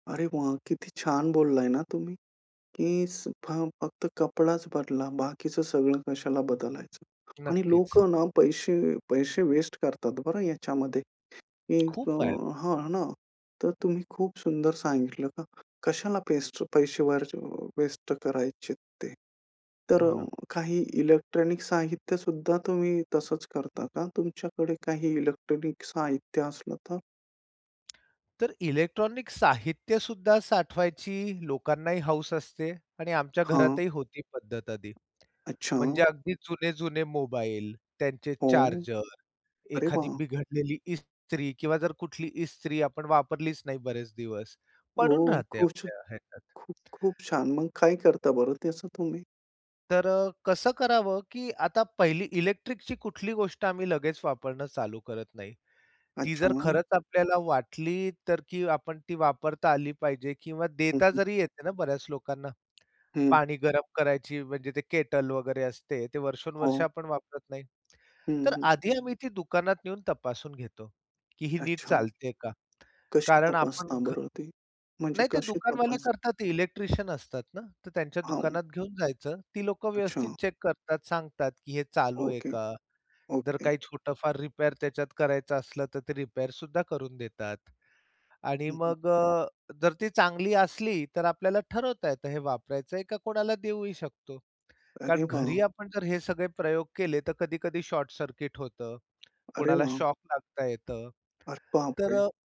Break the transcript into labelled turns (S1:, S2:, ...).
S1: अरे वाह! किती छान बोलला ना तुम्ही. की फक्त कपडाच बदला. बाकीचं सगळं कशाला बदलायचं. आणि
S2: नक्कीच.
S1: लोकं ना पैसे पैसे वेस्ट करतात बरं याच्यामध्ये. की अ
S2: खूप आहेत.
S1: हां ना. तर तुम्ही खूप सुंदर सांगितलं का? कशाला पेस्ट पैसे वरचे वेस्ट करायचे ते. तर
S2: हो
S1: अ,
S2: ना.
S1: काही इलेक्ट्रॉनिक साहित्य सुद्धा तुम्ही तसंच करता का? तुमच्याकडे काही इलेक्ट्रॉनिक साहित्य असलं तर?
S2: तर इलेक्ट्रॉनिक साहित्यसुद्धा साठवायची लोकांनाही हौस असते आणि आमच्या
S1: हां.
S2: घरातही होती पद्धत आधी.
S1: अच्छा.
S2: म्हणजे अगदी जुने-जुने मोबाईल, त्यांचे
S1: हो.
S2: चार्जर,
S1: अरे
S2: एखादी
S1: वाह!
S2: बिघडलेली इस्त्री किंवा जर कुठली इस्त्री आपण वापरलीच नाही बरेच दिवस. पडून
S1: हो.
S2: राहते
S1: खुश
S2: आपल्या ह्याच्यात.
S1: खूप, खूप छान. मग काय करता बरं त्याचं तुम्ही?
S2: तर अ, कसं करावं, की आता पहिली इलेक्ट्रिकची कुठली गोष्ट आम्ही लगेच वापरणं चालू करत नाही. ती
S1: अच्छा.
S2: जर
S1: मग?
S2: खरंच आपल्याला वाटली तर, की आपण ती वापरता आली पाहिजे किंवा देता जरी येते ना, बऱ्याच लोकांना.
S1: हं.
S2: पाणी गरम करायची म्हणजे ते केटल वगैरे असते, ते वर्षोनवर्ष
S1: हो.
S2: आपण वापरत नाही.
S1: हं,
S2: तर
S1: हं.
S2: आधी आम्ही ती दुकानात येऊन तपासून घेतो, की ही नीट
S1: अच्छा.
S2: चालते का?
S1: कशी
S2: कारण आपण
S1: तपासता
S2: घ
S1: बरं ती? म्हणजे
S2: नाही ते
S1: कशी
S2: दुकानवाले
S1: तपास
S2: करतात इलेक्ट्रिशियन असतात ना? तर त्यांच्या
S1: हां.
S2: दुकानात घेऊन जायचं. ती लोकं व्यवस्थित
S1: अच्छा.
S2: चेक करतात, सांगतात, की हे चालू आहे
S1: ओके.
S2: का? जर
S1: ओके.
S2: काही छोटं फार रिपेअर त्याच्यात करायचं असलं तर ते रिपेअर सुद्धा करून देतात. आणि
S1: हं, हं.
S2: मग अ, जर ती चांगली असली, तर आपल्याला ठरवता येतं हे वापरायचं आहे का कोणाला देऊही शकतो.
S1: अरे
S2: कारण घरी
S1: वाह!
S2: आपण जर हे सगळे प्रयोग केले, तर कधी-कधी शॉर्टसर्किट होतं.
S1: अरे
S2: कोणाला
S1: वाह!
S2: शॉक लागता येतं.
S1: अरे बाप
S2: तर
S1: रे!
S2: अ